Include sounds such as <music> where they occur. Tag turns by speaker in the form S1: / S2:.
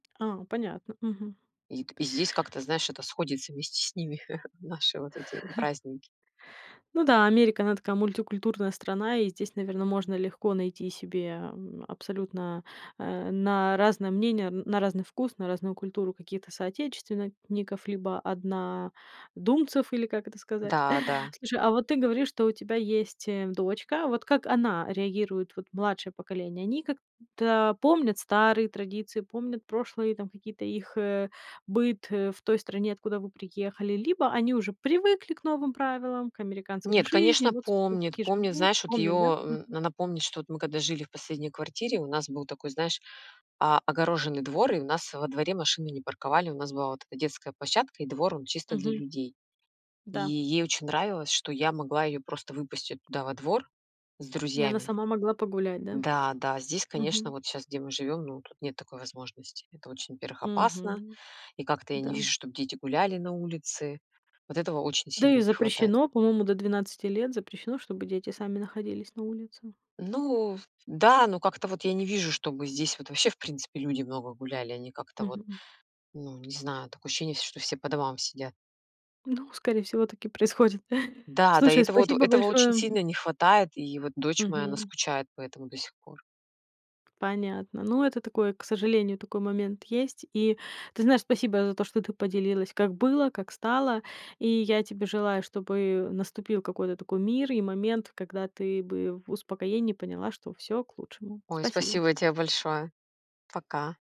S1: А, понятно. Мгм.
S2: И т и здесь как-то, знаешь, это сходится вместе с ними, <chuckles> наши вот эти
S1: <chuckles>
S2: праздники.
S1: Ну да, Америка- она такая мультикультурная страна, и здесь, наверно, можно легко найти себе, эм, абсолютно, э, на разное мнение, на разный вкус, на разную культуру какие-то соотечественников, либо однодумцев, или как это сказать.
S2: Да, да.
S1: Слушай, а вот ты говоришь, что у тебя есть, э, дочка. Вот как она реагирует, вот младшее поколение? Они как-то помнят старые традиции, помнят прошлые там какие-то их, э, быт, э, в той стране, откуда вы приехали, либо они уже привыкли к новым правилам, к американской
S2: Нет,
S1: жизни?
S2: конечно,
S1: Вот, собственно, так
S2: помнит.
S1: и
S2: Помнит,
S1: живут.
S2: знаешь, вот ее,
S1: Помнят, да?
S2: м,
S1: Мгм.
S2: она помнит, что вот мы когда жили в последней квартире, у нас был такой, знаешь, о огороженный двор и у нас во дворе машины не парковали. У нас была вот эта детская площадка и двор, он чисто для
S1: Мгм.
S2: людей. И
S1: Да.
S2: ей очень нравилось, что я могла ее просто выпустить туда во двор с
S1: И она
S2: друзьями.
S1: сама могла погулять, да?
S2: Да, да, здесь, конечно,
S1: Мгм.
S2: вот щас, где мы живем, ну, тут нет такой возможности. Это очень, во-первых, опасно,
S1: Мгм.
S2: и как-то я
S1: Да.
S2: не вижу, чтоб дети гуляли на улице. Вот этого очень
S1: Да
S2: сильно
S1: и
S2: не хватает.
S1: запрещено. По-моему, до 12 лет запрещено, чтобы дети сами находились на улице.
S2: Ну, ф да, но как-то вот я не вижу, чтобы здесь вот вообще, в принципе, люди много гуляли. Они как-то вот,
S1: Мгм, м.
S2: ну, не знаю, такое ощущение есть, что все по домам сидят.
S1: Ну, скорее всего, так и происходит.
S2: Да, да, и
S1: Слушай,
S2: это вот,
S1: спасибо
S2: этого очень
S1: большое.
S2: сильно не хватает, и вот дочь моя, она
S1: Мгм.
S2: скучает по этому до сих пор.
S1: Понятно. Ну, это такое, к сожалению, такой момент есть. И, ты знаешь, спасибо за то, что ты поделилась, как было, как стало. И я тебе желаю, чтобы наступил какой-то такой мир и момент, когда ты бы в успокоении поняла, что всё к лучшему.
S2: Ой,
S1: Спасибо.
S2: спасибо те большое. Пока.